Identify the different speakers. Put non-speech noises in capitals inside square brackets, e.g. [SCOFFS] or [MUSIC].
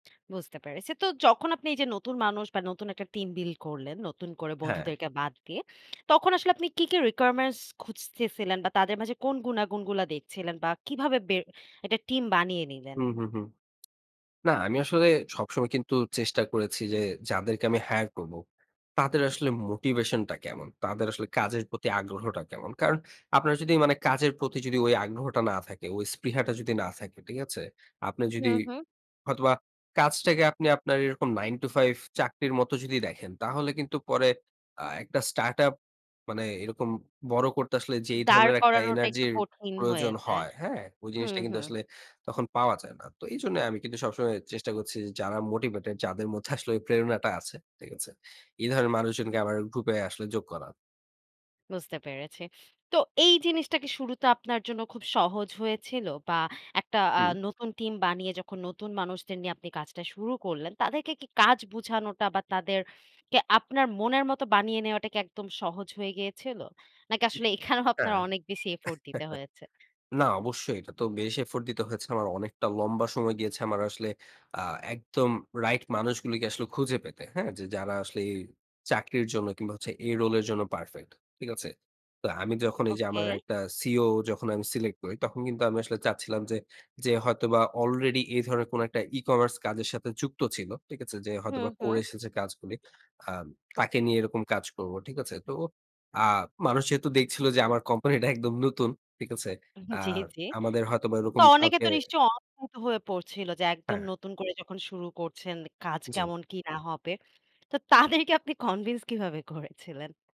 Speaker 1: বুঝতে পেরেছি। তো যখন আপনি এই যে নতুন মানুষ বা নতুন একটা টিম বিল্ড করলেন, নতুন করে
Speaker 2: হ্যাঁ।
Speaker 1: বন্ধুদেরকে বাদ দিয়ে তখন আসলে আপনি কি, কি requirements খুঁজতেছিলেন বা তাদের মাঝে কোন গুনাগুণগুলা দেখছিলেন বা কিভাবে বে একটা টিম বানিয়ে
Speaker 2: হু,
Speaker 1: নিলেন?
Speaker 2: হু, হু। না, আমি আসলে সবসময় কিন্তু চেষ্টা করেছি যে যাদেরকে আমি hire করব তাদের আসলে মোটিভেশন টা কেমন? তাদের আসলে কাজের প্রতি আগ্রহটা কেমন? কারণ আপনারা যদি মানে কাজের প্রতি ওই আগ্রহটা না থাকে, ওই স্পৃহাটা যদি না থাকে, ঠিক আছে? আপনি
Speaker 1: হু,
Speaker 2: যদি
Speaker 1: হু।
Speaker 2: হয়তোবা কাজটাকে আপনি আপনার এরকম 9 to 5 চাকরির মত যদি দেখেন। তাহলে কিন্তু পরে আ একটা startup মানে এরকম বড় করতে আসলে যে এই
Speaker 1: দাঁড়
Speaker 2: ধরনের একটা
Speaker 1: করানোটা একটু
Speaker 2: এনার্জির
Speaker 1: কঠিন হয়ে
Speaker 2: প্রয়োজন
Speaker 1: যায়।
Speaker 2: হয়, হ্যাঁ? ওই
Speaker 1: হুম,
Speaker 2: জিনিসটা কিন্তু
Speaker 1: হু।
Speaker 2: আসলে তখন পাওয়া যায় না। তো এইজন্য আমি কিন্তু সবসময় চেষ্টা করছি যে, যারা মোটিভেটেড। যাদের মধ্যে আসলে [SCOFFS] প্রেরণাটা আছে, ঠিক আছে? এই ধরনের মানুষজনকে আমাদের গ্রুপে আসলে যোগ করা।
Speaker 1: বুঝতে পেরেছি। তো এই জিনিসটা কি শুরুতে আপনার জন্য খুব সহজ হয়েছিল বা একটা আ
Speaker 2: হুম।
Speaker 1: নতুন টিম বানিয়ে যখন নতুন মানুষদের নিয়ে আপনি কাজটা শুরু করলেন, তাদেরকে কি কাজ বোঝানোটা বা তাদেরকে আপনার মনের মতো বানিয়ে নেওয়াটা কি একদম সহজ হয়ে গিয়েছিল? নাকি
Speaker 2: হুম।
Speaker 1: আসলে এখানেও [SCOFFS] আপনার
Speaker 2: হ্যাঁ।
Speaker 1: অনেক বেশি effort দিতে
Speaker 2: [CHUCKLES]
Speaker 1: হয়েছে?
Speaker 2: না অবশ্যই এটা তো বেশ effort দিতে হয়েছে। আমার অনেকটা লম্বা সময় গিয়েছে। আমার আসলে আ একদম রাইট মানুষগুলিকে আসলে খুঁজে পেতে। হ্যাঁ? যে যারা আসলে চাকরির জন্য কিংবা হচ্ছে এই role এর জন্য পারফেক্ট। ঠিক আছে? তো আমি যখন এই যে
Speaker 1: ওকে।
Speaker 2: আমার একটা COO যখন আমি সিলেক্ট করি তখন কিন্তু আমি আসলে যে চাচ্ছিলাম যে হয়তোবা আলরেডি এই ধরনের কোন একটা ই-কমার্স কাজের সাথে যুক্ত ছিল। ঠিক আছে? যে
Speaker 1: হু,
Speaker 2: হয়তোবা করে
Speaker 1: হু।
Speaker 2: এসেছে কাজগুলি, আ তাকে নিয়ে এরকম কাজ করব। ঠিক আছে? তো আ মানুষ যেহেতু দেখছিল যে, আমার কোম্পানিটা একদম নতুন। ঠিক আছে? আ
Speaker 1: জি, জি।
Speaker 2: আমাদের হয়তো বা
Speaker 1: তো
Speaker 2: এরকম
Speaker 1: অনেকে
Speaker 2: কাউকে
Speaker 1: তো নিশ্চয়ই অদ্ভুত হয়ে পড়ছিল যে একদম
Speaker 2: হ্যাঁ।
Speaker 1: নতুন করে যখন শুরু করছেন, কাজ
Speaker 2: জি।
Speaker 1: কেমন কি না হবে। তো তাদেরকে আপনি কনভিন্স কিভাবে করেছিলেন?